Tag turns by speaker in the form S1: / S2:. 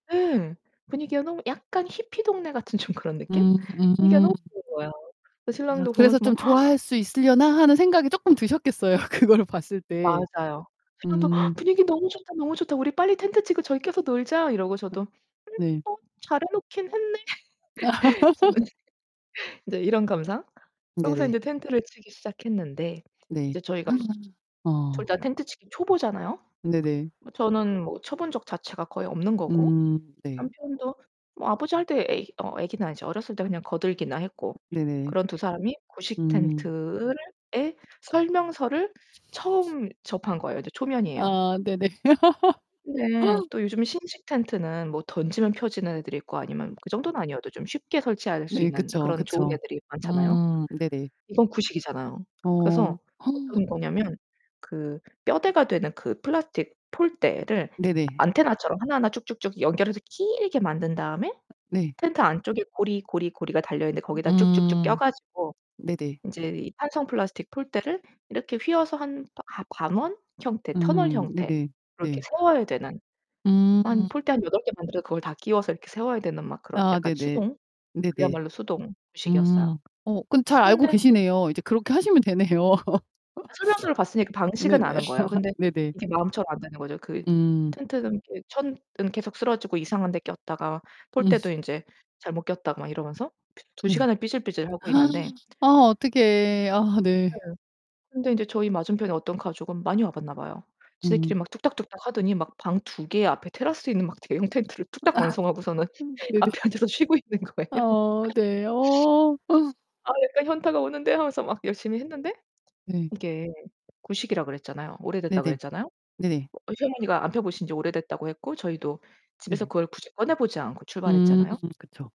S1: 예, 분위기가 너무 약간 히피 동네 같은 좀 그런 느낌?
S2: 음
S1: 분위기가
S2: 음.
S1: 너무 좋은 거예요. 그래서
S2: 아,
S1: 신랑도
S2: 그래서
S1: 보면서 막
S2: 좀 '좋아할 수 있으려나?' 하는 생각이 쪼끔 드셨겠어요. 그걸 봤을 때.
S1: 맞아요. 신랑도
S2: 음.
S1: "분위기 너무 좋다, 너무 좋다. 우리 빨리 텐트 치고 저기 껴서 놀자." 이러고
S2: 음
S1: 저도 "음.
S2: 네.
S1: 뭐. 잘해 놓긴 했네." [unintelligible] 인제 이런 감상? 하고서
S2: 네네.
S1: 인제 텐트를 치기 시작했는데
S2: 네.
S1: 이제 저희가 둘 다
S2: 어.
S1: 텐트 치기 초보잖아요.
S2: 네네.
S1: 뭐 저는 뭐 쳐본 적 자체가 거의 없는 거고
S2: 음. 네.
S1: 남편도 뭐 아버지 할 때 애기 어, 애기는 아니지. 어렸을 때 그냥 거들기나 했고.
S2: 네네.
S1: 그런 두 사람이 구식
S2: 음.
S1: 텐트를 의 설명서를 처음 접한 거예요. 이제 초면이에요.
S2: 아, 네네.
S1: 근데 또 요즘 신식 텐트는 뭐 던지면 펴지는 애들이 있고 아니면 그 정도는 아니어도 좀 쉽게 설치할 수
S2: 네,
S1: 있는
S2: 그쵸.
S1: 그런 좋은
S2: 그쵸.
S1: 애들이 많잖아요.
S2: 음. 네네.
S1: 이건 구식이잖아요.
S2: 어.
S1: 그래서 어떤 거냐면 그 뼈대가 되는 그 플라스틱 폴대를
S2: 네네.
S1: 안테나처럼 하나하나 쭉쭉쭉 연결해서 길게 만든 다음에
S2: 네.
S1: 텐트 안쪽에 고리, 고리, 고리가 달려있는데 거기다 쭉쭉쭉 껴
S2: 음음.
S1: 가지고
S2: 네네.
S1: 인제 이 탄성 플라스틱 폴대를 이렇게 휘어서 한 하 관원 형태 터널
S2: 음,
S1: 형태로
S2: 네네.
S1: 이렇게
S2: 네.
S1: 세워야 되는 한
S2: 음.
S1: 폴대 한 8 개 만들어서 그걸 다 끼워서 이렇게 세워야 되는 막 그런
S2: 아,
S1: 약간
S2: 네네.
S1: 수동.
S2: 네네.
S1: 그야말로 수동식이었어요.
S2: 음. 어 근데 잘 알고
S1: 그런데
S2: 계시네요. 이제 그렇게 하시면 되네요.
S1: 설명서를 봤으니까 방식은
S2: 네네.
S1: 아는 거예요. 근데
S2: 네네.
S1: 이게 마음처럼 안 되는 거죠. 그
S2: 음.
S1: 텐트는 이렇게 천은 계속 쓰러지고 이상한데 꼈다가
S2: 음.
S1: 폴대도 인제 잘못 꼈다가 막 이러면서 2
S2: 네.
S1: 시간을 삐질삐질 하고 있는데
S2: 아 어떡해. 아 네.
S1: 응, 근데 인제 저희 맞은편에 어떤 가족은 많이 와 봤나 봐요. 지들끼리
S2: 음.
S1: 막 뚝딱뚝딱하더니 막 방 2 개에 앞에 테라스 있는 막 대형 텐트를 뚝딱
S2: 아
S1: 완성하고서는
S2: 네네.
S1: 앞에 앉아서 쉬고 있는 거예요.
S2: 아, 네. 어.
S1: 아. 약간 현타가 오는데 하면서 막 열심히 했는데
S2: 네.
S1: 이게 구식이라고 그랬잖아요. 오래됐다
S2: 네네.
S1: 그랬잖아요.
S2: 네네.
S1: 어, 시어머니가 안 펴보신지 오래됐다고 했고 저희도 집에서
S2: 네네.
S1: 그걸 굳이 꺼내보지 않고
S2: 음.
S1: 출발했잖아요.
S2: 그쵸.